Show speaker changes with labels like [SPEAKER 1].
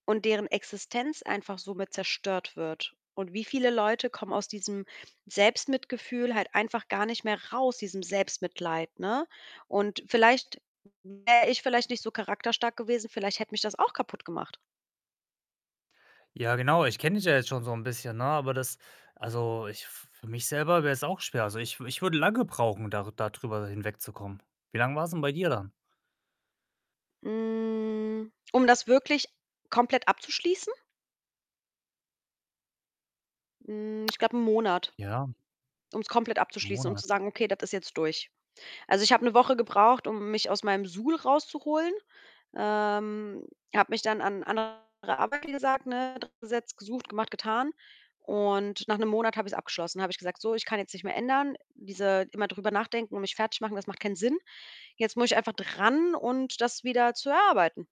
[SPEAKER 1] Und deren Existenz einfach somit zerstört wird. Und wieviele Leute kommen aus diesem Selbstmitgefühl halt einfach gar nicht mehr raus, diesem Selbstmitleid, ne? Und vielleicht wäre ich vielleicht nicht so charakterstark gewesen, vielleicht hätte mich das auch kaputtgemacht.
[SPEAKER 2] Ja, genau, ich kenne dich ja jetzt schon so 'n bisschen, ne, aber das also, ich f für mich selber wäre es auch schwer. Also, ich w ich würde lange brauchen, dar da drüber hinwegzukommen. Wie lang war's 'n bei dir dann?
[SPEAKER 1] Hm, um das wirklich komplett abzuschließen? Hm, ich glaube, 1 Monat,
[SPEAKER 2] Ja.
[SPEAKER 1] ums komplett abzuschließen, um zu
[SPEAKER 2] Monat.
[SPEAKER 1] sagen: „Okay, das ist jetzt durch.“ Also, ich habe 1 Woche gebraucht, um mich aus meinem Suhl rauszuholen. Ähm, habe mich dann an andere Arbeit, wie gesagt, ne, dran gesetzt, gesucht, gemacht, getan. Und nach 1 Monat habe ich's abgeschlossen, habe ich gesagt: „So, ich kann jetzt nicht mehr ändern. Diese immer drüber nachdenken und mich fertigmachen, das macht keinen Sinn. Jetzt muss ich einfach dran und das wieder zu erarbeiten.“